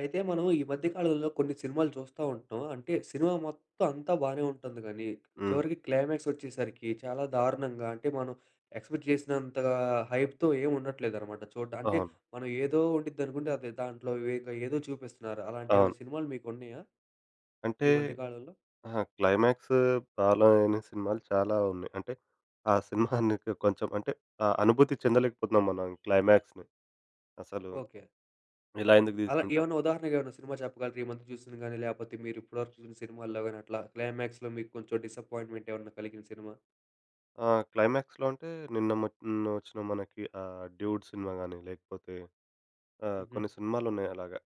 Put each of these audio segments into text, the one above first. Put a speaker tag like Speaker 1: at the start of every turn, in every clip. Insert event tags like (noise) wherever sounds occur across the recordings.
Speaker 1: అయితే మనం ఈ మధ్య కాలంలో కొన్ని సినిమాలు చూస్తా ఉంటాం. అంటే సినిమా మొత్తం అంతా బాగానే ఉంటుంది. కానీ,
Speaker 2: హ్మ్.
Speaker 1: చివరికి క్లైమాక్స్ వచ్చేసరికి చాలా దారుణంగా, అంటే మనం ఎక్స్‌పెక్ట్ చేసినంతగా హైప్‌తో ఏమి ఉండట్లేదనమాట చూడ్డా అంటే
Speaker 2: ఓహో!
Speaker 1: మనం ఏదో ఉండిది అనుకుంటే, అది దాంట్లో వేదో ఏదో చూపిస్తున్నారు. అలాంటి
Speaker 2: అవును.
Speaker 1: ఏమైనా సినిమాలు మీకు ఉన్నాయా?
Speaker 2: అంటే
Speaker 1: ఈ మధ్య కాలంలో?
Speaker 2: అహా! క్లైమాక్స్ ఫాలో అయిన సినిమాలు చాలా ఉన్నాయి. అంటే ఆ సినిమాని (chuckles) కొంచెం అంటే ఆహ్, అనుభూతి చెందలేకపోతున్నాం మనం క్లైమాక్స్‌ని అసలు
Speaker 1: ఓకె.
Speaker 2: ఇలా ఎందుకు
Speaker 1: అలా
Speaker 2: తీసుకుంటారు?
Speaker 1: ఏమన్నా ఉదాహరణకు ఏమైనా సినిమా చెప్పగలరా? ఈ మధ్య చూసింది గానీ, లేకపోతే మీరు ఇప్పటివరకు చూసిన సినిమాల్లో గానీ అట్లా క్లైమాక్స్‌లో మీకు కొంచెం డిసప్పాయింట్మెంట్ ఏమన్నా కలిగిన సినిమా?
Speaker 2: ఆ! క్లైమాక్స్‌లో అంటే నిన్న మకి నిన్న వచ్చిన ఆహ్, 'డూడ్' సినిమా గానీ, లేకపోతే ఆహ్,
Speaker 1: హుహు.
Speaker 2: కొన్ని సినిమాలు ఉన్నాయి. అలాగా.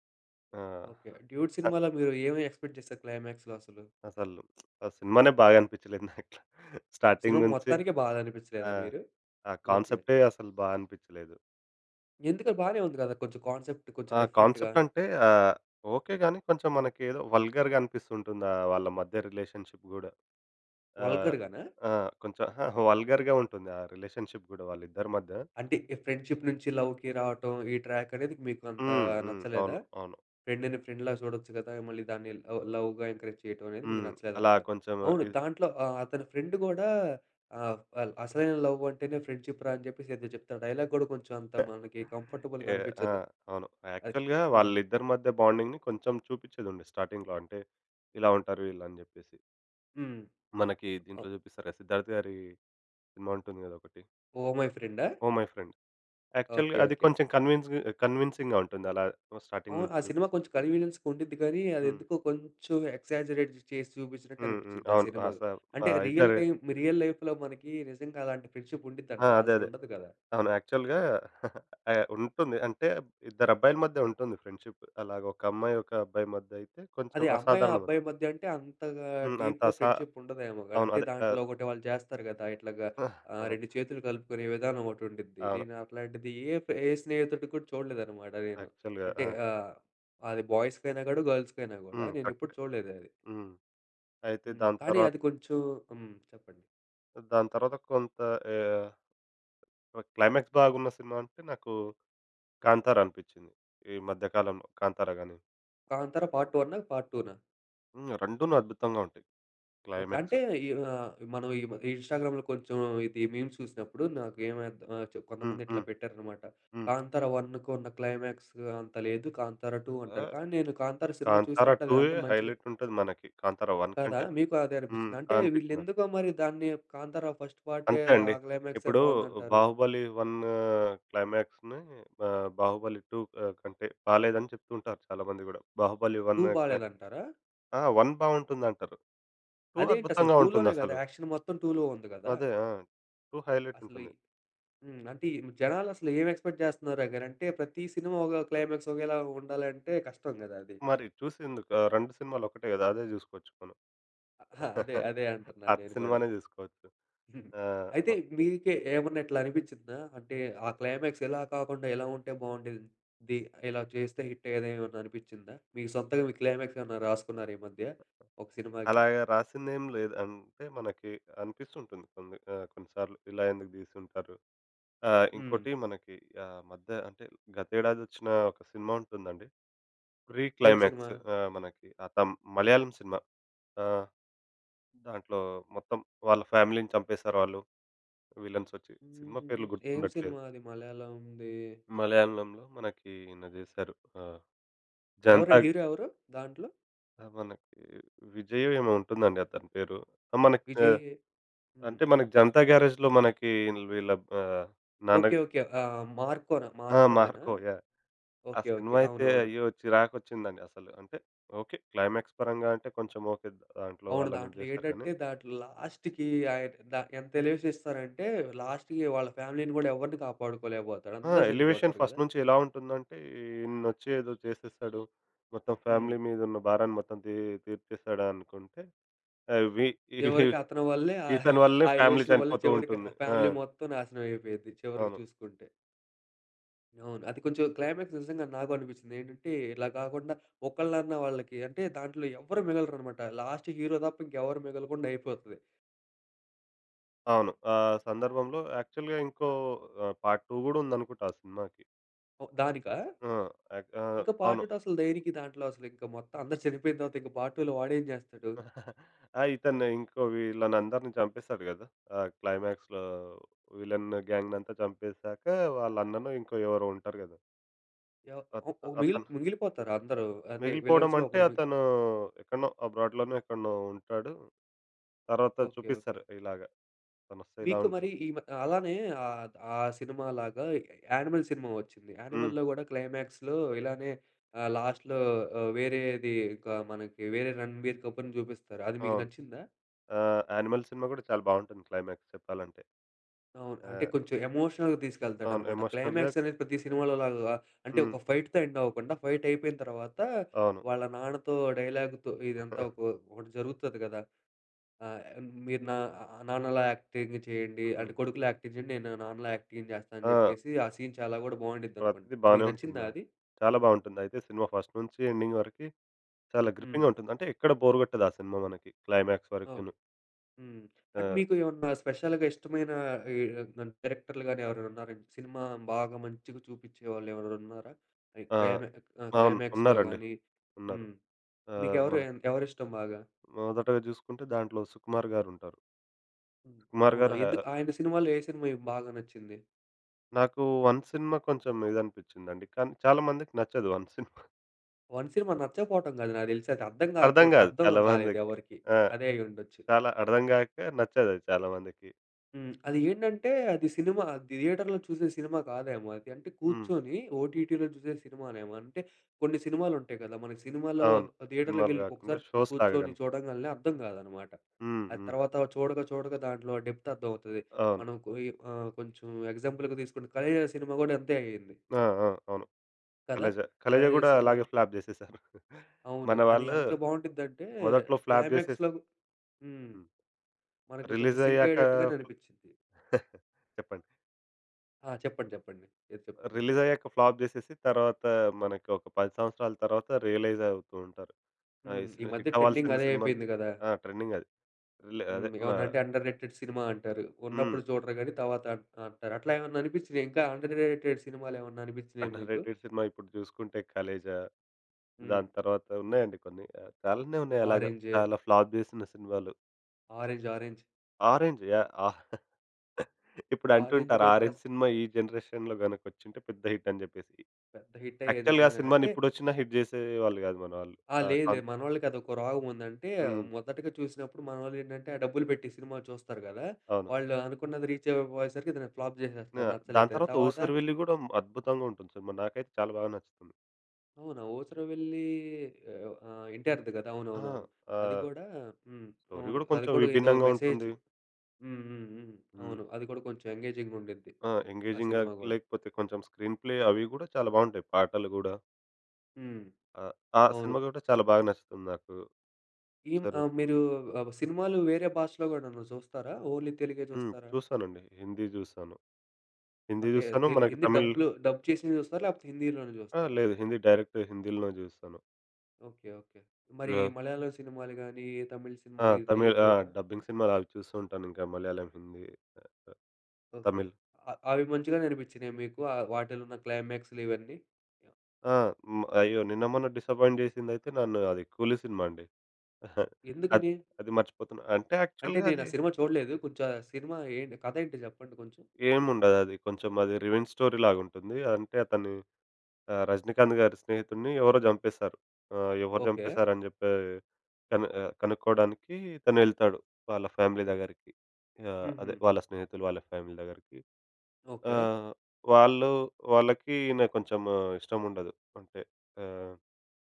Speaker 2: ఆ!
Speaker 1: ఓకే. 'డూడ్'
Speaker 2: అ
Speaker 1: సినిమాలో మీరు ఏమి ఎక్స్‌పెక్ట్ చేశారు క్లైమాక్స్‌లో అసలు?
Speaker 2: అసలు (smacks lips) ఆ సినిమానే బాగా అనిపించలేదు నాకు. (chuckles)
Speaker 1: సినిమా
Speaker 2: స్టార్టింగ్ నుంచే
Speaker 1: మొత్తానికి బాగ
Speaker 2: ఆ!
Speaker 1: అనిపించలేదా మీరు?
Speaker 2: ఆ
Speaker 1: ఓకె.
Speaker 2: కాన్సెప్టే అసలు బా అనిపించలేదు.
Speaker 1: ఎందుకు? అది బానే ఉంది కదా. కొంచెం కాన్సెప్ట్ కొంచెం
Speaker 2: ఆ!
Speaker 1: డిఫరెంట్‌గా.
Speaker 2: కాన్సెప్ట్ అంటే ఆహ్, ఓకే గానీ, కొంచెం మనకు ఏదో వల్గర్‌గా అనిపిస్తూ ఉంటుంది. ఆహ్, వాళ్ల మధ్య రిలేషన్‌షిప్ కూడా. ఆహ్,
Speaker 1: వల్గర్‌గానా?
Speaker 2: ఆ! కొంచెం అహా! వల్గర్‌గా ఉంటుంది ఆ రిలేషన్‌షిప్ కూడా వాళ్లిద్దరి మధ్య.
Speaker 1: అంటే ఈ ఫ్రెండ్షిప్ నుంచి లవ్‌కి రావటం. ఈ ట్రాక్ అనేది మీకు అంతా
Speaker 2: హ్మ్. హ్మ్.
Speaker 1: నచ్చలేదా?
Speaker 2: అవును. అవును.
Speaker 1: ఫ్రెండ్‌ని ఫ్రెండ్‌లాగా చూడొచ్చు కదా! మళ్లీ దాన్ని లవ్, లవ్‌గా ఎంకరేజ్ చేయటమనేది మీకు
Speaker 2: హ్మ్. అలా
Speaker 1: నచ్చలేదంటారు.
Speaker 2: కొంచెం
Speaker 1: అవును.
Speaker 2: ఈ
Speaker 1: దాంట్లో ఆహ్, అతని ఫ్రెండ్ కూడా ఆహ్, ఆ! "అసలైన లవ్ అంటేనే ఫ్రెండ్షిప్ రా" అని చెప్పేసి ఏదో చెప్తాడు. డైలాగ్ కూడా కొంచెం అంత
Speaker 2: (chuckles)
Speaker 1: మనకి కంఫర్టబుల్‌గా
Speaker 2: యాహ్! ఆ!
Speaker 1: అనిపించదు.
Speaker 2: అవును.
Speaker 1: అది
Speaker 2: యాక్చువల్‌గా
Speaker 1: హ్మ్.
Speaker 2: వాళ్లిద్దరి మధ్య బాండింగ్‌ని కొంచెం చూపించేది ఉండే స్టార్టింగ్‌లో అంటే ఇలా ఉంటారు వీళ్లు అని చెప్పేసి.
Speaker 1: హ్మ్.
Speaker 2: మనకి దీంట్లో
Speaker 1: ఓహ్!
Speaker 2: చూపిస్తారు కదా! సిద్ధార్థ్ గారి సినిమా ఉంటుంది కదా! ఒకటి.
Speaker 1: ఓహ్ మై ఫ్రెండా?
Speaker 2: Oh my friend. యాక్చువల్‌గా
Speaker 1: ఓకె.
Speaker 2: అది
Speaker 1: ఓకె.
Speaker 2: కొంచెం కన్విన్స్ కన్విన్సింగ్‌గా ఉంటుంది. అలా ఆహ్, స్టార్టింగ్
Speaker 1: అవును.
Speaker 2: నుంచి
Speaker 1: ఆ
Speaker 2: చూపిస్తే.
Speaker 1: సినిమా కొంచెం కన్వీనియన్స్‌గా ఉండిది. కానీ,
Speaker 2: హ్మ్.
Speaker 1: అదేందుకో కొంచెం ఎగ్జా‌జరేట్ చేసి చూపించినట్టు
Speaker 2: హ్మ్. హ్మ్.
Speaker 1: అనిపించింది. ఆ
Speaker 2: అవును. ఆ!
Speaker 1: సినిమా
Speaker 2: స పా
Speaker 1: అంటే రియల్
Speaker 2: ఇద్దరు
Speaker 1: టైమ్ మీ రియల్ లైఫ్‌లో మనకి నిజంగా అలాంటి ఫ్రెండ్షిప్
Speaker 2: ఆ!
Speaker 1: ఉండిదంటారా?
Speaker 2: అదే అదే.
Speaker 1: అసలుండదు కదా!
Speaker 2: అవును. యాక్చువల్‌గా (chuckles) ఆహ్, ఉంటుంది. అంటే ఇద్దరు అబ్బాయిల మధ్య ఉంటుంది ఫ్రెండ్షిప్. అలాగా ఒక అమ్మాయి, ఒక అబ్బాయి మధ్య అయితే కొంచెం
Speaker 1: అది అమ్మాయి,
Speaker 2: అసాధారణం.
Speaker 1: అబ్బాయి మధ్య అంటే అంతగా
Speaker 2: హ్మ్. అంత
Speaker 1: డీప్‌గా
Speaker 2: అస
Speaker 1: ఫ్రెండ్షిప్ ఉండదేమోగా.
Speaker 2: అవును.
Speaker 1: అంటే
Speaker 2: అదే. ఆ
Speaker 1: దాంట్లో ఒకటి వాళ్ళు చేస్తారు గదా! ఇట్లాగా ఆహ్,
Speaker 2: (chuckles)
Speaker 1: 2 చేతులు కలుపుకునే విధానం ఓటి ఉండిద్ది.
Speaker 2: అవును.
Speaker 1: నేను అట్లాంటిది ఏ ఫే ఏ స్నేహితుడుకి కూడా చూడలేదన్నమాట నేను.
Speaker 2: యాక్చువల్‌గా
Speaker 1: అంటే
Speaker 2: ఆ!
Speaker 1: ఆహ్, అది బాయ్స్‌కి అయినా కూడా, గర్ల్స్‌కి అయన కూడా.
Speaker 2: హ్మ్.
Speaker 1: నేనెప్పుడు
Speaker 2: కరక్టే.
Speaker 1: చూడలేదది.
Speaker 2: హ్మ్. అయితే
Speaker 1: హ్మ్.
Speaker 2: దాని
Speaker 1: కానీ,
Speaker 2: తర్వాత...
Speaker 1: అది కొంచెం హ్మ్. చెప్పండి.
Speaker 2: ఆహ్ దాని తర్వాత కొంత ఆహ్ క్లైమాక్స్ బాగున్న సినిమా అంటే నాకు కాంతారా అనిపించింది. ఈ మధ్యకాలంలో కాంతారా గాని
Speaker 1: కాంతారా పార్ట్ 1, పార్ట్ 2నా?
Speaker 2: హ్మ్. రెండునూ అద్భుతంగా ఉంటాయి
Speaker 1: ఓకె.
Speaker 2: క్లైమాక్స్.
Speaker 1: అంటే ఈ రో ఆహ్, మనం ఈ మా ఇన్‌స్టాగ్రామ్‌లో కొంచెం ఇది మీమ్స్ చూసినప్పుడు నాకేం అర్థ ఆహ్, చే
Speaker 2: హ్మ్.
Speaker 1: కొంతమంది ఇట్లా
Speaker 2: హ్మ్.
Speaker 1: పెట్టారనమాట.
Speaker 2: హ్మ్.
Speaker 1: "కాంతారా 1కు ఉన్న క్లైమాక్స్ అంత లేదు, కాంతారా 2"
Speaker 2: ఆ!
Speaker 1: అంటారు. కానీ నేను కాంతారా సినిమా
Speaker 2: కాంతారా
Speaker 1: చూసినప్పుడు అది
Speaker 2: 2యే
Speaker 1: అంతా మంచిగా
Speaker 2: హైలైట్ ఉంటది. మనకి కాంతారా 1
Speaker 1: కాదా!
Speaker 2: కంటే.
Speaker 1: మీకు అదే
Speaker 2: హ్మ్.
Speaker 1: అనిపించిందా? అంటే
Speaker 2: అనిపించింది నాకు.
Speaker 1: వీళ్ళేందుకో మరి దాన్ని కాంతారా ఫస్ట్ పార్ట్
Speaker 2: అంతే
Speaker 1: ఆ
Speaker 2: అండి.
Speaker 1: క్లై‌మక్సే
Speaker 2: ఇప్పుడు
Speaker 1: బాగుందంటారు.
Speaker 2: బాహుబలి 1 క్లైమాక్స్‌ని ఆహ్, బాహుబలి 2 ఆహ్, కంటే బాలేదని చెప్తూ ఉంటారు. చాలా మంది గూడా బాహుబలి
Speaker 1: 2
Speaker 2: 1 క్లై
Speaker 1: బాలేదంటారా?
Speaker 2: ఆ! వన్ బాగుంటుందంటారు. 2
Speaker 1: అదేంటి అసలు
Speaker 2: అద్భుతంగా
Speaker 1: 2 లోనే కదా!
Speaker 2: ఉంటుందసలు.
Speaker 1: యాక్షన్ మొత్తం 2లో ఉంది కదా!
Speaker 2: అదే ఆ! 2 హైలైట్
Speaker 1: అసలు ఈ
Speaker 2: ఉంటుంది.
Speaker 1: హ్మ్. అంటే జనాలు ఈ అసలేమి ఎక్స్పెక్ట్ చేస్తున్నారగంటే, ప్రతి సినిమా ఒక క్లైమాక్స్ ఒకలా ఉండాలంటే కష్టం కదా! అది.
Speaker 2: మరి చూసేందుకు? ఆ రెండు సినిమాలు ఒకటే కదా! అదే చూసుకోవచ్చు మనం.
Speaker 1: ఆ! (chuckles) అదే
Speaker 2: (chuckles)
Speaker 1: అదే అంటున్నాను.
Speaker 2: పాత
Speaker 1: నేను గూడా.
Speaker 2: సినిమా‌నే జూసుకోవచ్చు.
Speaker 1: హ్మ్.
Speaker 2: ఆ!
Speaker 1: అయితే మీకే ఏమన్నా ఇట్లా అనిపించిందా? అంటే ఆహ్, క్లైమాక్స్ ఇలా కాకుండా ఎలా ఉంటే బాగుండేది? ఇలా చేస్తే హిటయ్యేది ఏమన్నా అనిపించిందా? మీకు సొంతంగా మీకు క్లైమాక్స్ ఏమన్నా రాసుకున్నారా? ఈ మధ్య ఒక సినిమాకి.
Speaker 2: అలాగా రాసిందేమి లేదు. అంటే మనకి అనిపిస్తుంటుంది కొన్ని ఆహ్, కొన్ని సార్లు ఇలా ఎందుకు తీసుంటారు. ఆహ్,
Speaker 1: హ్మ్.
Speaker 2: ఇంకోటి మనకి ఆ మధ్య ఆహ్, అంటే గతేడాది వచ్చిన ఒక సినిమా ఉంటుందండి, ప్రీ
Speaker 1: ఏం సినిమా?
Speaker 2: క్లైమాక్స్ ఆహ్, మనకి ఆహ్, తం మలయాళం సినిమా. ఆ! దాంట్లో మొత్తం వాళ్ళ ఫ్యామిలీ‌ని చంపేసారు వాళ్ళు విల్లన్స్ వచ్చి. సినిమా పేర్లు
Speaker 1: హ్మ్. ఏం
Speaker 2: గుర్తుండట్లేదు.
Speaker 1: సినిమా అది మాలయాళంది?
Speaker 2: మలయాళంలో మనకి ఈయన చేశారు. ఆ!
Speaker 1: ఎవరు
Speaker 2: జనతా
Speaker 1: హీరో ఎవరు దాంట్లో?
Speaker 2: ఆ! మన‌కి విజయొ ఏమో ఉంటుందండి అతని పేరు. ఆ! మనకి
Speaker 1: విజయ్ హ్మ్.
Speaker 2: అంటే మన 'జనతా గ్యారేజ్‌'లో మనకి వీళ్ళ బ్ ఆహ్, నాన్న
Speaker 1: ఓకే. ఓకే. ఆహ్, 'మార్కో‌'నా!
Speaker 2: ఆ!
Speaker 1: 'మార్కో'నేనా
Speaker 2: 'మార్కో.' యాహ్! ఆ
Speaker 1: ఓకే. ఓకే.
Speaker 2: సినిమా అయితే
Speaker 1: అవునవును.
Speaker 2: అయ్యో! చిరాకు వచ్చింది అండి అసలు. అంటే ఓకే క్లైమాక్స్ పరంగా అంటే కొంచెం ఓకే దాంట్లో
Speaker 1: అవును
Speaker 2: వాళ్ళనిది
Speaker 1: దాంట్లో
Speaker 2: చేస్తారు‌ కానీ
Speaker 1: ఏటంటే దాంట్లో లాస్ట్‌కి ఆహ్, ద ఎంత ఎలివేషనిస్తారంటే లాస్ట్‌కి వాళ్ళ ఫ్యామిలీ‌నీ కూడా ఎవరిని కాపాడుకోలేకపోతా‌డు
Speaker 2: ఆ!
Speaker 1: అందరూ
Speaker 2: ఎలివేషన్
Speaker 1: చనిపోతారు
Speaker 2: ఫస్ట్
Speaker 1: కదా!
Speaker 2: నుంచి ఎలా ఉంటుందంటే ఈయనొచ్చి ఏదో చేసేసాడు. మొత్తం
Speaker 1: హ్మ్.
Speaker 2: ఫ్యామిలీ మీదున్న భారాన్ని మొత్తం తీ తీర్చేసాడా! అనుకుంటే ఆహ్, వీ ఇ
Speaker 1: చివరికి అతని వల్లే
Speaker 2: ఇతని వల్లే
Speaker 1: (giggles) ఆ
Speaker 2: ఫ్యామిలీ
Speaker 1: రిలేషన్ వల్లే
Speaker 2: చనిపోతూ
Speaker 1: చివరికి
Speaker 2: ఉంటుంది. ఆ!
Speaker 1: ఫ్యామిలీ మొత్తం నాశనం అయిపోయిది చివరికి
Speaker 2: అవును.
Speaker 1: చూసుకుంటే. అవును అది కొంచెం క్లైమాక్స్ నిజంగా నాకు అనిపించింది ఏంటంటే ఇలా కాకుండా ఒకళ్ళన్న వాళ్ళకి అంటే దాంట్లో ఎవరు మిగలరనమాట లాస్ట్‌కి హీరో తప్ప ఇంకెవరు మిగలకుండా అయిపోతది.
Speaker 2: అవును. ఆ సందర్భంలో యాక్చువల్‌గా ఇంకో ఆహ్, పార్ట్ 2 కూడా ఉందనుకుంటా ఆ సినిమాకి.
Speaker 1: ఓహ్! దానికా?
Speaker 2: ఆ! ఏకా
Speaker 1: ఇంకా పార్ట్
Speaker 2: అవును.
Speaker 1: 2 అసలు దేనికి దాంట్లో అసలు ఇంక మొత్తం అందరు చనిపోయిన తర్వాత ఇంక పార్ట్ 2లో వాడేం చేస్తాడు?
Speaker 2: (giggles) ఇతను ఇంకో వీళ్ళనందరిని చంపేస్తాడు కదా! ఆహ్, క్లైమాక్స్‌లో విలన్ గ్యాంగ్‌నంతా చంపేసాక వాళ్ళ అన్ననో ఇంకో ఎవరో ఉంటారు కదా!
Speaker 1: యాహ్!
Speaker 2: అ
Speaker 1: హుహు మిగిల్
Speaker 2: అతను
Speaker 1: మిగిలిపోతారా అందరూ, అంటే
Speaker 2: మిగిలిపోవడం
Speaker 1: విలన్స్‌లో
Speaker 2: అంటే
Speaker 1: ఒకడు మి
Speaker 2: అతను ఎక్కడనో అబ్రాడ్‌లోనో ఎక్కడనో ఉంటాడు. తర్వాత
Speaker 1: ఓకే. ఓకే.
Speaker 2: చూపిస్తారు. ఇలాగా తనొస్తే ఇలా
Speaker 1: మీకు మరి
Speaker 2: ఉంటుంది.
Speaker 1: ఈ మ ఆహ్, అలానే ఆహ్, ఆ సినిమాలాగ యానిమల్‌ సినిమా వచ్చింది.
Speaker 2: హ్మ్.
Speaker 1: యానిమల్‌లో కూడా క్లైమాక్స్‌లో ఇలానే ఆహ్, లాస్ట్‌లో ఆహ్, వేరేది ఒక మనకి వేరే రణబీర్ కపూర్‌ని చూపిస్తారు. అది మీకు
Speaker 2: అవును.
Speaker 1: నచ్చిందా?
Speaker 2: ఆహ్, యానిమల్ సినిమా కూడా చాలా బాగుంటుంది క్లైమాక్స్ చెప్పాలంటే.
Speaker 1: అవును.
Speaker 2: ఆ!
Speaker 1: అంటే కొంచెం ఎమోషనల్‌గా
Speaker 2: అవును.
Speaker 1: తీసుకెళ్తాడనమాట.
Speaker 2: ఎమోషనల్‌గా
Speaker 1: క్లైమాక్స్ అనేది ప్రతి సినిమాలో లాగా అంటే
Speaker 2: హ్మ్.
Speaker 1: ఒక ఫైట్‌తో ఎండ్ అవ్వకుండా, ఫైట్ అయిపోయిన తర్వాత
Speaker 2: అవును.
Speaker 1: వాళ్ళ నాన్నతో డైలాగ్‌తో ఇదంతా
Speaker 2: (chuckles)
Speaker 1: ఒ ఒకటి జరుగుతాది కదా! ఆహ్, "మీరు నా నాన్నలా యాక్టింగ్ చేయండి, అంటే
Speaker 2: హుహు.
Speaker 1: కొడుకులా యాక్టింగ్ చేయండి. నేను నాన్నలా యాక్టింగ్ చేస్తాను" అని
Speaker 2: ఆ!
Speaker 1: చెప్పేసి ఆ సీన్ చాలా కూడా బాగుంటుంది అనమాట.
Speaker 2: ప్రతి బానే
Speaker 1: మీకు
Speaker 2: ఉంటుంది
Speaker 1: నచ్చిందా
Speaker 2: నాకు.
Speaker 1: అది?
Speaker 2: చాలా బాగుంటుంది. అయితే సినిమా ఫస్ట్ నుంచి ఎండింగ్ వరకి, చాలా
Speaker 1: హ్మ్.
Speaker 2: గ్రిప్పింగ ఉంటుంది. అంటే ఎక్కడ బోర్ కొట్టదు ఆ సినిమా మనకి. క్లైమాక్స్
Speaker 1: ఓహ్!
Speaker 2: వరకును.
Speaker 1: హ్మ్. అంటే
Speaker 2: ఆ!
Speaker 1: మీకు ఏమన్నా స్పెషల్‌గా ఇష్టమైన ఈ ఆహ్, డైరెక్టర్లు గానీ ఎవరైనా ఉన్నారా? సినిమా బాగా మంచిగా చూపించే వాళ్ళు ఎవరైనా ఉన్నారా? ఎ
Speaker 2: ఆ!
Speaker 1: క్లైమ ఆహ్,
Speaker 2: అవును.
Speaker 1: క్లైమాక్స్‌లో
Speaker 2: ఉన్నారండి.
Speaker 1: గానీ,
Speaker 2: ఉన్నారు.
Speaker 1: హ్మ్.
Speaker 2: ఆహ్,
Speaker 1: మీకెవరు
Speaker 2: మన
Speaker 1: ఎన్ ఎవరిస్టం బాగా?
Speaker 2: మొదటగా చూసుకుంటే దాంట్లో సుకుమార్‌ గారు ఉంటారు.
Speaker 1: హ్మ్. అవునా?
Speaker 2: సుకుమార్‌గారు
Speaker 1: ఎందు
Speaker 2: ఆహ్
Speaker 1: ఆయన సినిమాలో ఏ సినిమా బాగా నచ్చింది?
Speaker 2: నాకు వన్ సినిమా కొంచెం ఇది అనిపించిందండి. కానీ చాలా మందికి నచ్చదు వన్ సినిమా.
Speaker 1: 1 సినిమా నచ్చకపోవటం కాదు. నాకు తెలిసి అది అర్థం
Speaker 2: అర్థం
Speaker 1: కాకపో
Speaker 2: కాదు
Speaker 1: అర్థం కాలేదు
Speaker 2: చాలామందికి.
Speaker 1: ఎవరికీ.
Speaker 2: ఆ!
Speaker 1: అదే అయ్యిఉండొచ్చు.
Speaker 2: చాలా అర్థం కాక నచ్చదు అది చాలా మందికి.
Speaker 1: హ్మ్. అది ఏంటంటే, అది సినిమా అది థియేటర్‌లో చూసే సినిమా కాదేమో. అంటే
Speaker 2: హ్మ్.
Speaker 1: కూర్చొని ఓటీటీలో చూసే సినిమానేమో. అంటే కొన్ని సినిమాలు ఉంటాయి కదా! మనకు సినిమాలో
Speaker 2: అవును.
Speaker 1: థియేటర్‌లోకి
Speaker 2: సినిమాలు
Speaker 1: వెళ్లి
Speaker 2: కాకుండా
Speaker 1: ఒకసారి
Speaker 2: షో‌స్‌లాగా
Speaker 1: కూర్చొని
Speaker 2: కనిపిస్తుంది.
Speaker 1: చూడంగానే అర్థం కాదనమాట.
Speaker 2: హ్మ్.
Speaker 1: అది
Speaker 2: హ్మ్.
Speaker 1: తర్వాత, తర్వాత చూడగా, చూడగా దాంట్లో డెప్త్ అర్థమవుతది.
Speaker 2: అవును.
Speaker 1: మనం కుయ్ ఆహ్, కొంచెం ఎగ్జాంపుల్‌గా తీసుకుంటే ఖలేజా సినిమా కూడా అంతే అయింది.
Speaker 2: ఆ! ఆ! అవును.
Speaker 1: కదా!
Speaker 2: ఖలేజా. ఖలేజా
Speaker 1: ఖలేజా
Speaker 2: కూడా
Speaker 1: సినిమా
Speaker 2: అలాగే
Speaker 1: వు
Speaker 2: ఫ్లాప్ చేసేశారు. (giggles)
Speaker 1: అవును.
Speaker 2: మన
Speaker 1: అది
Speaker 2: వాళ్లు
Speaker 1: ఎంత బాగుంటుందంటే
Speaker 2: మొదట్లో ఫ్లాప్ చేసేసి
Speaker 1: క్లైమాక్స్‌లో హ్మ్,
Speaker 2: హ్మ్.
Speaker 1: మనకు కొంచెం
Speaker 2: రిలీజ్
Speaker 1: సింక్
Speaker 2: అయ్యాక
Speaker 1: అయ్యేటట్టుగానే అనిపించింది.
Speaker 2: (chuckles) చెప్పండి.
Speaker 1: ఆ! చెప్పండి. చెప్పండి. ఏదో చెప్తున్నారు.
Speaker 2: రిలీజ్ అయ్యాక ఫ్లాప్ చేసేసి, తర్వాత మనకొక 10 సంవత్సరాల తర్వాత రియలైజ్ అవుతూ ఉంటారు. ఆ!
Speaker 1: హ్మ్.
Speaker 2: ఇది
Speaker 1: ఈ
Speaker 2: సిన
Speaker 1: మధ్య
Speaker 2: హిట్
Speaker 1: ట్రెండింగ్
Speaker 2: అవ్వాల్సిన
Speaker 1: అదే
Speaker 2: సినిమాని
Speaker 1: అయిపోయింది కదా!
Speaker 2: ఆ! ట్రెండింగ్ రిలే అదే
Speaker 1: హ్మ్.
Speaker 2: మా
Speaker 1: ఏమన్నా అంటే అండర్ రేటెడ్ సినిమా అంటారు. ఉన్నప్పుడు
Speaker 2: హ్మ్.
Speaker 1: చూడరు గానీ, తర్వాత అంటారు. అట్లా ఏమన్నా అనిపించిందా? ఇంకా అండర్ రేటెడ్ సినిమాలేమన్నా అనిపించినాయా
Speaker 2: అండర్
Speaker 1: మీకు?
Speaker 2: రేటెడ్ సినిమా ఇప్పుడు చూసుకుంటే ఖలేజా.
Speaker 1: హ్మ్.
Speaker 2: దాని తర్వాత ఉన్నాయండి కొన్ని. చాలానే ఉన్నాయి అలాగే
Speaker 1: ఆరెంజ్.
Speaker 2: చాలా ఫ్లాప్ చేసిన సినిమాలు.
Speaker 1: ఆరెంజ్. ఆరెంజ్.
Speaker 2: ఆరెంజ్. యాహ్! (chuckles) ఇప్పుడు అంటుంటారు
Speaker 1: ఆరెంజ్‌కయితే అస్
Speaker 2: ఆరెంజ్ సినిమా ఈ జనరేషన్‌లో గనుకొచ్చింటే పెద్ద హిట్ అని చెప్పేసి.
Speaker 1: పెద్ద హిట్ అయ్యేది
Speaker 2: యాక్చువల్‌గా ఆ
Speaker 1: నిజంగానే.
Speaker 2: సినిమాని
Speaker 1: అంటే
Speaker 2: ఇప్పుడొచ్చినా హిట్ చేసేవాళ్లు కాదు మన వాళ్లు.
Speaker 1: ఆ!
Speaker 2: ఆ
Speaker 1: లేదు.
Speaker 2: కాన్
Speaker 1: లేదు. మనోళ్లకి అది ఒక రోగం ఉంది. అంటే
Speaker 2: హ్మ్.
Speaker 1: మొదటగా చూసినప్పుడు మనోళ్ళేంటంటే, ఆ డబ్బులు పెట్టి సినిమాలు చూస్తారు కదా!
Speaker 2: అవును.
Speaker 1: వాళ్లు అనుకున్నది రీచ్ అవకపోయేసరికి దాన్ని ఫ్లాప్
Speaker 2: ఆ!
Speaker 1: చేసేస్తారు, నచ్చలేదు
Speaker 2: దాని
Speaker 1: అని.
Speaker 2: తర్వాత
Speaker 1: తర్వాత
Speaker 2: ఊసరవెల్లి కూడా మ్ అద్భుతంగా ఉంటుంది సినిమా. నాకైతే చాలా బాగా నచ్చుతుంది.
Speaker 1: అవునా! 'ఊసరవెల్లి' యవ్ ఆ! 'ఎన్‌టి‌ఆర్‌ది' కదా!
Speaker 2: ఆ!
Speaker 1: అవునవునవును. అది
Speaker 2: ఆహ్
Speaker 1: కూడా హ్మ్.
Speaker 2: స్టోరీ
Speaker 1: అవును.
Speaker 2: కూడా
Speaker 1: అది
Speaker 2: కొంచెం
Speaker 1: కూడా ఏదో
Speaker 2: విభిన్నంగా
Speaker 1: మెసేజ్
Speaker 2: ఉంటుంది.
Speaker 1: హ్మ్. హ్మ్. హ్మ్.
Speaker 2: హ్మ్.
Speaker 1: అవును అది కూడా కొంచెం ఎంగేజింగ్‌ ఉండుద్ది.
Speaker 2: ఆ!
Speaker 1: ఆ
Speaker 2: ఎంగేజింగ్‌గా
Speaker 1: సినిమా కూడా.
Speaker 2: లేకపోతే కొంచెం స్క్రీన్‌ప్లే అవి గూడా చాలా బావుంటాయి. పాటలు కూడా.
Speaker 1: హ్మ్.
Speaker 2: ఆహ్, ఆ!
Speaker 1: అవును.
Speaker 2: సినిమా గూడా చాలా బాగా నచ్చుతుంది నాకు.
Speaker 1: ఈమ్
Speaker 2: ఊసరవె
Speaker 1: ఆహ్, మీరు అబ్ సినిమాలు వేరే భాషలో కూడాను సూస్తారా? ఓన్లీ తెలుగే
Speaker 2: హ్మ్.
Speaker 1: చూస్తారా?
Speaker 2: చూస్తానండి. హిందీ చూశాను. హిందీ
Speaker 1: అంటే
Speaker 2: చూస్తాను
Speaker 1: తెలు
Speaker 2: మనకి
Speaker 1: హిందీ
Speaker 2: తమిళ్
Speaker 1: డబ్లు, డబ్ చేసినని చూస్తారా? లేకపోతే హిందీ‌లోనే
Speaker 2: ఆ!
Speaker 1: చూస్తారా?
Speaker 2: లేదు హిందీ డైరెక్ట్‌గా హిందీలో‌నే చూస్తాను.
Speaker 1: ఓకే. ఓకే. మరి
Speaker 2: నా
Speaker 1: మలయాళం సినిమాలు‌గాని, తమిళ్
Speaker 2: ఆ!
Speaker 1: సినిమాలు ఇవి ఏమి
Speaker 2: తమిళ్ ఆ!
Speaker 1: చూడరా?
Speaker 2: డబ్బింగ్ సినిమాలు అవి చూస్తూ ఉంటాను ఇంకా మలయాళం, హిందీ, ఆహ్, ఆహ్,
Speaker 1: ఓకే.
Speaker 2: తమిళ్.
Speaker 1: ఆహ్, అవి మంచిగానే అనిపిచ్చినయా మీకు? ఆహ్, వాటిలో ఉన్న క్లైమాక్సులు ఇవన్నీ.
Speaker 2: ఆ! మ అయ్యో! నిన్న మొన్న డిస్సపాయింట్ జేసింది అయితే నన్ను అది కూలీ సినిమా అండి. (giggles) ఆద్
Speaker 1: ఎందుకని?
Speaker 2: అది మర్చిపోతున్నా. అంటే
Speaker 1: అంటే
Speaker 2: యాక్చువల్‌గా
Speaker 1: నేను ఆ
Speaker 2: అది
Speaker 1: సినిమా చూడలేదు కొంచెం ఆ సినిమా ఏంటి? కథేంటో చెప్పండి కొంచెం?
Speaker 2: ఏముండదు అది. కొంచెం అది రివెంజ్ స్టోరీ‌లాగుంటుంది. అంటే అతని ఆహ్, 'రజనీకాంత్‌' గారి స్నేహితుడిన్ని ఎవరో జంపేశారు. ఆహ్, ఎవరు
Speaker 1: ఓకే.
Speaker 2: చంపేశారని చెప్పి కన్ ఆహ్, కనుక్కోవడానికి ఇతనెళ్తాడు. వాళ్ళ ఫ్యామిలీ దగ్గరికి. ఆహ్, అదే
Speaker 1: హుహు.
Speaker 2: వాళ్ళ స్నేహితులు వాళ్ళ ఫ్యామిలీ దగ్గరికి,
Speaker 1: ఓకే‌.
Speaker 2: ఆహ్, వాళ్ళు వాళ్ళకి ఈయన కొంచెం ఇష్టముండదు. అంటే ఆహ్,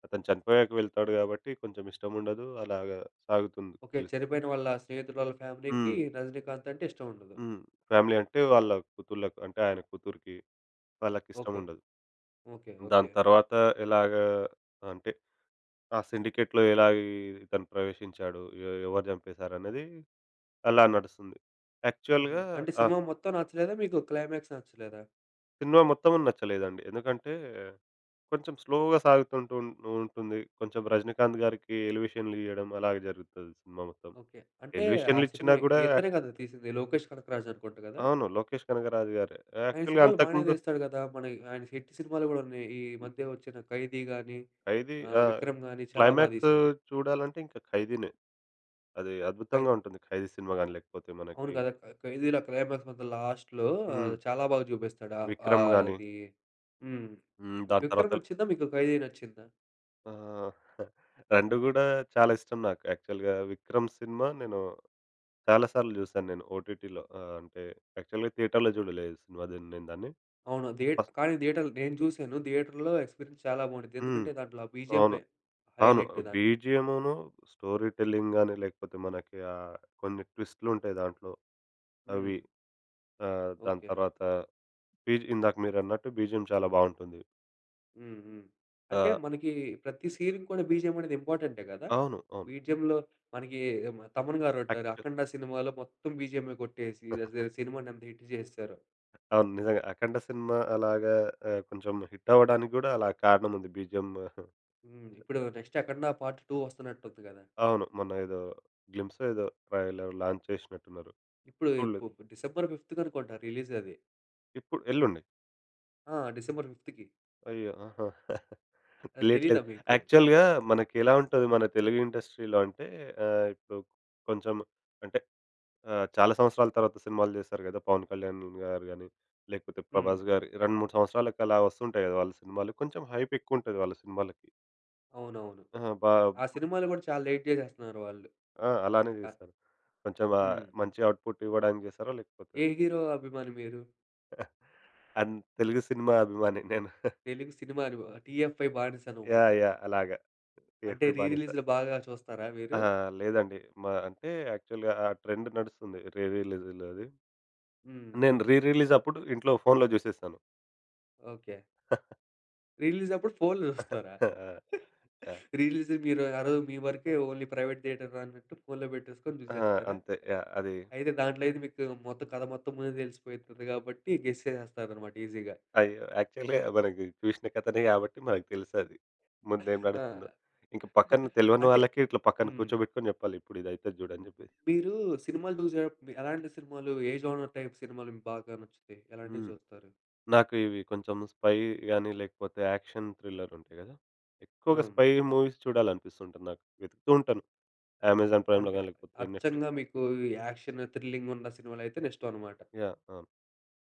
Speaker 2: అతను చనిపోయాక వెళ్తాడు కాబట్టి కొంచెం ఇష్టముండదు అలాగా సాగుతుంది
Speaker 1: ఓకే.
Speaker 2: ఫిలిం.
Speaker 1: చనిపోయిన వాళ్ళ స్నేహితురాళ్ళ ఫ్యామిలీ‌కి
Speaker 2: హ్మ్.
Speaker 1: 'రజినీకాంత్' అంటే ఇష్టం ఉండదు.
Speaker 2: హ్మ్. ఫ్యామిలీ అంటే వాళ్ళ కూతుళ్లకి అంటే ఆయన కూతురికి,
Speaker 1: ఓకే‌.
Speaker 2: వాళ్ళకిష్టముండదు.
Speaker 1: ఓకే‌.
Speaker 2: దాని
Speaker 1: ఓకే‌.
Speaker 2: తర్వాత ఎలాగా అంటే ఆ సిండికేట్‌లో ఎలాగ ఈ ఇతను ప్రవేశించాడు. ఎవరు చంపేశారు అనేది అలా నడుస్తుంది.
Speaker 1: హుహు.
Speaker 2: యాక్చువల్‌గా
Speaker 1: అంటే
Speaker 2: ఆ
Speaker 1: సినిమా మొత్తం నచ్చలేదా? మీకు క్లైమాక్స్ నచ్చలేదా?
Speaker 2: సినిమా మొత్తం నచ్చలేదండి. ఎందుకంటే కొంచెం స్లోగా సాగుతూ ఉంటూ ఉంటుంది. కొంచెం 'రజనీకాంత్' గారికి ఎలివేషన్‌లియ్యడం అలాగే జరుగుతది సినిమా మొత్తం
Speaker 1: ఓకే. అంటే ఆ
Speaker 2: ఎలివేషన్లు
Speaker 1: సినిమా
Speaker 2: ఇచ్చినా కూడా
Speaker 1: ఇతనే కదా తీసింది 'లోకేష్ కనకరాజు' అనుకుంట కదా!
Speaker 2: అవును. 'లోకేష్ కనకరాజు' గారే.
Speaker 1: ఆయన
Speaker 2: యాక్చువల్‌గా
Speaker 1: సినిమాలు బాగానే
Speaker 2: అంతకుముందు
Speaker 1: తీస్తాడు కదా! మన ఆయన హిట్ సినిమాలు కూడా ఉన్నాయి. ఈ
Speaker 2: హ్మ్.
Speaker 1: మధ్య వచ్చిన 'ఖైదీ' గానీ,
Speaker 2: 'ఖైదీ'.
Speaker 1: ఆహ్,
Speaker 2: ఆ!
Speaker 1: 'విక్రమ్' గానీ చాలా బాగా
Speaker 2: క్లైమాక్సు
Speaker 1: తీశారు.
Speaker 2: చూడాలంటే ఇంకా 'ఖైదీ'నే. అది
Speaker 1: ఖై
Speaker 2: అద్భుతంగా ఉంటుంది. 'ఖైదీ' సినిమా గానీ, లేకపోతే
Speaker 1: అవును
Speaker 2: మనకి
Speaker 1: కదా! ఖై 'ఖైదీ' క్లైమాక్స్ మాత్రం లాస్ట్‌లో
Speaker 2: హ్మ్.
Speaker 1: చాలా బాగా చూపిస్తాడు. ఆ!
Speaker 2: 'విక్రమ్'
Speaker 1: ఆహ్,
Speaker 2: గాని
Speaker 1: అది హ్మ్.
Speaker 2: హ్మ్! దాని తర్వాత
Speaker 1: 'విక్రమ్' నచ్చిందా? మీకు 'ఖైదీ' నచ్చిందా?
Speaker 2: ఆ! (chuckles) రెండు గూడా చాలా ఇష్టం నాకు. యాక్చువల్‌గా 'విక్రమ్' సినిమా నేను చాలా సార్లు చూశాను. నేను ఓటిటిలో ఆ! అంటే యాక్చువల్‌గా థియేటర్‌లో చూడలేదు సినిమా. దీన్ని నేను దాన్ని.
Speaker 1: అవును. ధీ
Speaker 2: ఫస్ట్
Speaker 1: గానీ థియేటర్‌లో నేను చూసాను. థియేటర్‌లో ఎక్స్పీరియన్స్ చాలా బావుండిద్ది.
Speaker 2: హ్మ్.
Speaker 1: ఎందుకంటే దాంట్లో
Speaker 2: అవును.
Speaker 1: బీజీఎమ్మె
Speaker 2: అవును.
Speaker 1: హైలైట్ దానికి.
Speaker 2: బీజీఎమును, స్టోరీ టెల్లింగ్ గానీ, లేకపోతే మనకి ఆ! కొన్ని ట్విస్ట్‌లు ఉంటాయి దాంట్లో. అవి.
Speaker 1: హ్మ్.
Speaker 2: ఆహ్, దాని
Speaker 1: ఓకే.
Speaker 2: తర్వాత బీజీ ఇందాక మీరన్నట్టు బీజీఎమ్ చాలా బావుంటుంది.
Speaker 1: హుహు, అంటే
Speaker 2: ఆ!
Speaker 1: మనకి ప్రతి సీన్‌కి ‌కూడా బీజీఎం అనేది ఇంపార్టెంటే కదా?
Speaker 2: అవును. అవును.
Speaker 1: బీజీఎంలో మనకి ఎమ తమన్ గారుంట్టారు.
Speaker 2: ఆక్చువల్
Speaker 1: అఖండ సినిమాలో మొత్తం బీజీఎమే కొట్టేసి, అజ
Speaker 2: (chuckles)
Speaker 1: సినిమాని ఎంత హిట్ చేసేసారో.
Speaker 2: అవును నిజంగా. అఖండ సినిమా అలాగా ఆహ్, కొంచెం హిటవ్వడానికి గూడా అలా కారణముంది. బీజీఎం
Speaker 1: హ్మ్.
Speaker 2: (chuckles)
Speaker 1: ఇప్పుడు నెక్స్ట్ అఖండ పార్ట్ 2 వస్తున్నట్టుంది కదా!
Speaker 2: అవును. మొన్న ఏదో గ్లింప్స్ ఏదో ట్రైలర్ లాంచ్ చేసినట్టు ఉన్నారు.
Speaker 1: ఇప్పుడు
Speaker 2: చూడలేదు.
Speaker 1: ఇప్పు డిసెంబర్ ఫిఫ్త్‌ కనుకుంట రిలీజది.
Speaker 2: ఇప్పు ఎల్లుండి.
Speaker 1: ఆ! డిసెంబర్ ఫిఫ్త్‌కి
Speaker 2: అయ్యో! (chuckles)
Speaker 1: అది
Speaker 2: తెలియట్లేదు.
Speaker 1: తెలియదా మీకు?
Speaker 2: యాక్చువల్‌గా మనకెలా ఉంటది మన తెలుగు ఇండస్ట్రీలో అంటే ఆహ్, కు కొంచెం అంటే ఆహ్, చాలా సంవత్సరాల తర్వాత సినిమాలు చేశారు కదా! పవన్ కళ్యాణ్ గారు కానీ, లేకపోతే
Speaker 1: హ్మ్.
Speaker 2: ప్రభాస్ గారి 2, 3 సంవత్సరాలకి అలా వస్తు ఉంటాయి కదా! వాళ్ళ సినిమాలు. కొంచెం హైపెక్కువ ఉంటది వాళ్ళ సినిమాలకి.
Speaker 1: అవునవును.
Speaker 2: అహా! బాబ్
Speaker 1: ఆ సినిమాలు కూడా చాలా లేట్ చేసేస్తున్నారు వాళ్ళు.
Speaker 2: ఆ! అలానే
Speaker 1: క
Speaker 2: చేస్తారు. కొంచెం ఆ!
Speaker 1: హ్మ్.
Speaker 2: మంచి ఔట్‌పుట్ ఇవ్వడానికి చేస్తారా? లేకపోతే
Speaker 1: ఏ హీరో అభిమాని మీరు?
Speaker 2: (chuckles) అన్ తెలుగు సినిమా అభిమాని నేను. (chuckles)
Speaker 1: తెలుగు సినిమాని ఒ టిఎఫ్ఐ బానిసనమాట.
Speaker 2: యాహ్! యాహ్! అలాగా
Speaker 1: అంటే
Speaker 2: టిఎఫ్ఐ బానిస.
Speaker 1: రీరిలీజులు బాగా చూస్తారా మీరు?
Speaker 2: అహా! లేదండి. మా అంటే యాక్చువల్‌గా ఆ ట్రెండ్ నడుస్తుంది. రీరిలీజలు అది.
Speaker 1: హ్మ్.
Speaker 2: నేను రీరిలీజప్పుడు ఇంట్లో ఫోనులో చూసేసాను.
Speaker 1: ఓకే.
Speaker 2: (chuckles)
Speaker 1: రిలీజ్ అప్పుడు ఫోనులు
Speaker 2: (chuckles)
Speaker 1: జూస్తారా?
Speaker 2: ఆ!
Speaker 1: (giggles)
Speaker 2: ఆ!
Speaker 1: రిలీజ్ మీరు ఆ రోజు మీవరకే ఓన్లీ ప్రైవేట్ థియేటర్ అన్నట్టు ఫోను‌లో పెట్టేసుకొని
Speaker 2: ఆ!
Speaker 1: చూసేస్తారా?
Speaker 2: అంతే. యాహ్! అది
Speaker 1: అయితే దాంట్లో అయితే మీకు మొత్తం కథ మొత్తం ముందే తెలిసిపోతుంది కాబట్టి గెస్ చేసేస్తారన్నమాట ఈజిగా.
Speaker 2: అయ్యో! (chuckles) యాక్చువల్‌గా మన‌కి చూసిన కథనే గాబట్టి మనకు తెలుసు అది ముం‌దేం
Speaker 1: ఆ!
Speaker 2: నడుస్తుందో. ఇంకా పక్కన
Speaker 1: (chuckles)
Speaker 2: తెలవని
Speaker 1: అంటే
Speaker 2: వాళ్ళకి ఇట్లా పక్కన
Speaker 1: హ్మ్.
Speaker 2: కూర్చోబెట్టుకొని చెప్పాలి ఇప్పుడు ఇది అయితది జూడని జెప్పి.
Speaker 1: మీరు సినిమాలు జూసేటప్పుడు మీ ఎలాంటి సినిమాలు ఏ జోనర్ టైపు సినిమాలు మీకు బాగా నచ్చుతాయి? ఎలాంటివి
Speaker 2: హ్మ్.
Speaker 1: చూస్తారు?
Speaker 2: నాకు ఇవి కొంచెం స్పై‌గాని లేకపోతే యాక్షన్ థ్రిల్లర్ ఉంటాయి కదా. ఎక్కువగా
Speaker 1: అవును.
Speaker 2: స్పై మూవీస్ చూడాలి అనిపిస్తుంటుంది నాకు. వెతుకుతూ ఉంటాను. అమెజాన్
Speaker 1: అంటే
Speaker 2: ప్రైమ్‌లో‌గాని లేకపోతే నెట్‌ఫ్లిక్స్
Speaker 1: అచ్చంగా మీకు ఈ యాక్షన్, థ్రిల్లింగ్ ఉన్న సినిమాలు అయితే ఇష్టం అన్నమాట.
Speaker 2: యాహ్! అవును.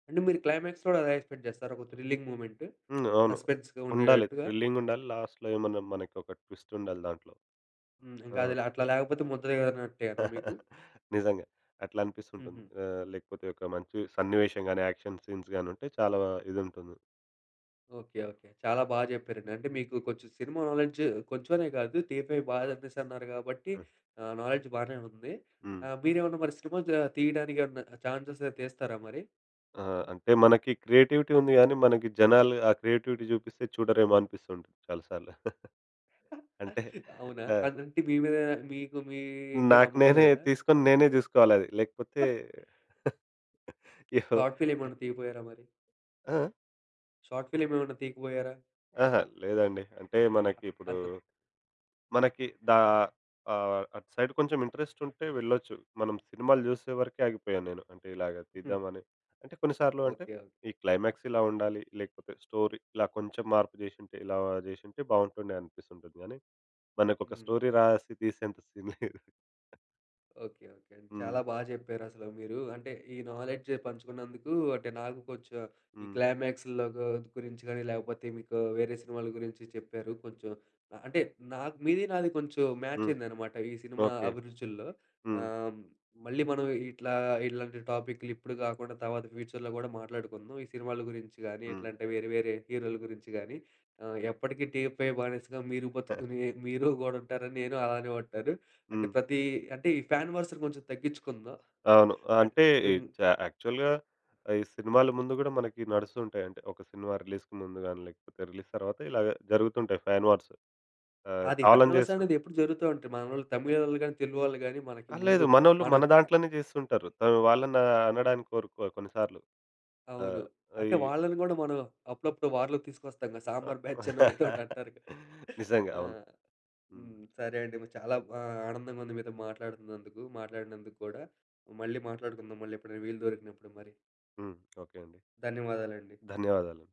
Speaker 1: అంటే మీరు క్లైమాక్స్‌‌ కూడా అదే ఎక్స్‌పెక్ట్ చేస్తార ఒక థ్రిల్లింగ్ మొమెంట్?
Speaker 2: హ్మ్. అవును.
Speaker 1: సస్పెన్స్‌గా
Speaker 2: ఉండాలి
Speaker 1: ఉండేటట్టుగా?
Speaker 2: థ్రిల్లింగ్ ఉండాలి. లాస్ట్‌లో ఏమన్నా మనకి ఒక ట్విస్ట్ ఉండాలి దాంట్లో.
Speaker 1: హ్మ్.
Speaker 2: ఆ!
Speaker 1: ఇంకా అది లే అట్లా లేకపోతే ముద్దదిగదు అనట్టేనా మీకు?
Speaker 2: (chuckles) నిజంగా. అట్లా అనిపిస్తుంటుంది.
Speaker 1: హుహు.
Speaker 2: ఆ! లేకపోతే ఒక మంచి సన్నివేశంగాని యాక్షన్ సీన్స్‌‌గాని ఉంటే చాలా ఇదుంటుంది.
Speaker 1: ఓకే. ఓకే. చాలా బా చెప్పారండి. అంటే మీకు కొంచెం సినిమా నాలెడ్జ్ కొంచెం అనే కాదు, టీఎఫ్‌ఐ బాగా అనేసన్నారు కాబట్టి,
Speaker 2: హ్మ్.
Speaker 1: ఆహ్, నాలెడ్జ్ బానే ఉంది.
Speaker 2: హ్మ్.
Speaker 1: ఆహ్, మీరేమన్నా మరి సినిమా జ తీయడానికి ఏమన్నా ఛాన్స్ వస్తే తీస్తారా మరీ?
Speaker 2: ఆ! అంటే మనకి క్రియేటివిటీ ఉంది కానీ, మనకి జనాలు ఆ క్రియేటివిటీ చూపిస్తే చూడరేమో అనిపిస్తూ ఉంటుంది చాలా సార్లు! (chuckles)
Speaker 1: (chuckles)
Speaker 2: అంటే
Speaker 1: అవునా!
Speaker 2: ఆ!
Speaker 1: అంటే మీ మీద మీకు మీకే
Speaker 2: నాకు
Speaker 1: నమ్మకం
Speaker 2: నేనే
Speaker 1: లేదా?
Speaker 2: తీసుకొని, నేనే చూసుకోవాలి అది లేకపోతే
Speaker 1: (chuckles)
Speaker 2: (laughs) ఎవ్
Speaker 1: షార్ట్ ఫిల్మ్ ఏమన్నా తీయపోయారా మరి?
Speaker 2: ఆ? ఆ?
Speaker 1: షార్ట్ ఫిల్మ్ ఏమన్నా తీయకపోయారా?
Speaker 2: ఆహా! లేదండి. అంటే
Speaker 1: అ
Speaker 2: మనకి ఇప్పుడు,
Speaker 1: అద్దు
Speaker 2: మనకి దా ఆహ్, అటు సైడ్ కొంచెం ఇంట్రెస్ట్ ఉంటే వెళ్లొచ్చు. మనం సినిమాలు చూసే వరకే ఆగిపోయాను నేను. అంటే ఇలాగా
Speaker 1: హ్మ్.
Speaker 2: తీద్దామని, అంటే కొన్నిసార్లు అంటే,
Speaker 1: ఓకె. ఓ
Speaker 2: ఈ క్లైమాక్స్ ఇలా ఉండాలి. లేకపోతే స్టోరీ ఇలా కొంచెం మార్పు చేసుంటే, ఇలా చేసుంటే బాగుంటుండే అనిపిస్తూ ఉంటుంది కానీ, మనకు ఒక
Speaker 1: హ్మ్.
Speaker 2: స్టోరీ రాసి తీసేంత సీన్ లేదు.
Speaker 1: ఓకే. ఓకే.
Speaker 2: హ్మ్.
Speaker 1: చాలా బాగా చెప్పారు అసలు! మీరూ అంటే ఈ నాలెడ్జ్ పంచుకున్నందుకు అంటే నాకు కొంచెం ఈ
Speaker 2: హ్మ్.
Speaker 1: క్లైమాక్స్‌లో గు గురించి కానీ, లేకపోతే మీకు వేరే సినిమాల గురించి చెప్పారు. కొంచెం ఆహ్, అంటే, నాక్ మీది నాది కొంచెం మ్యాచ్
Speaker 2: హ్మ్.
Speaker 1: అయిందన్నమాట. ఈ సినిమా
Speaker 2: ఓకె.
Speaker 1: అభిరుచుల్లో.
Speaker 2: హ్మ్.
Speaker 1: ఆహ్, మళ్లీ మనం ఇట్లా ఇలాంటి టాపిక్కులు ఇప్పుడు కాకుండా తర్వాత ఫ్యూచర్‌లో కూడా మాట్లాడుకుందాం. ఈ సినిమాల గురించి కానీ,
Speaker 2: హ్మ్.
Speaker 1: ఇట్లాంటి వేరే వేరే హీరోల గురించి కానీ, ఆహ్, ఎప్పటికీ టీఎఫ్‌ఐ బానిసగా మీరు బతుకు
Speaker 2: (chuckles)
Speaker 1: మీరు (chuckles) కూడా ఉంటారని నేను అలానే అంటాను. అంటే
Speaker 2: హ్మ్.
Speaker 1: ప్రతి అంటే ఈ ఫ్యాన్ వార్స్ కొంచెం తగ్గించుకుందాం.
Speaker 2: అవును.
Speaker 1: అంటే
Speaker 2: అంటే ఈ
Speaker 1: హ్మ్.
Speaker 2: చ యాక్చువల్‌గా ఆహ్, ఈ సినిమాల ముందు కూడా మనకి నడుస్తూ ఉంటాయి. అంటే ఒక సినిమా రిలీజ్‌కి ముందుగానీ, లేకపోతే రిలీజ్ తర్వాత ఇలాగ జరుగుతుంటాయి ఫ్యాన్ వార్స్ ఆహ్,
Speaker 1: అది ఫ్యాన్
Speaker 2: కావాలని
Speaker 1: వార్స్
Speaker 2: చేస్తు
Speaker 1: అన్నవి ఎప్పుడూ జరుగుతా ఉంటాయి. మన వాళ్లు, తమిళం వాళ్లు గానీ, తెలుగు వాళ్లు గానీ, మనకు
Speaker 2: ఆ!
Speaker 1: ముందు
Speaker 2: లేదూ. మనోళ్ళు
Speaker 1: మనం
Speaker 2: మన దాంట్లోనే చేస్తూ ఉంటారు. ఆహ్, వాళ్ళని అనడానికి కోరుకోరు కొన్ని సార్లు. ఆ!
Speaker 1: అవును. అంటే
Speaker 2: ఇవి
Speaker 1: వాళ్లని కూడా మనం అప్పుడప్పుడు వార్‌లోకి తీసుకొస్తాం కదా!
Speaker 2: ఆ!
Speaker 1: సాంబార్ బ్యాచ్ అనో, ఏదోటి
Speaker 2: (chuckles)
Speaker 1: అంటారు కదా!
Speaker 2: నిజంగా
Speaker 1: ఆ!
Speaker 2: అవును. హ్మ్.
Speaker 1: హ్మ్. సరే అండి మరి చాలా ఆహ్, ఆనందంగా ఉంది. మీతో మాట్లాడుతున్నందుకు. మాట్లాడినందుకు కూడా. మళ్లీ మాట్లాడుకుందాం. మళ్లీ ఎప్పుడైనా వీలు దొరికినప్పుడు మరి.
Speaker 2: హ్మ్. ఓకె అండి.
Speaker 1: ధన్యవాదాలండి.
Speaker 2: ధన్యవాదాలు.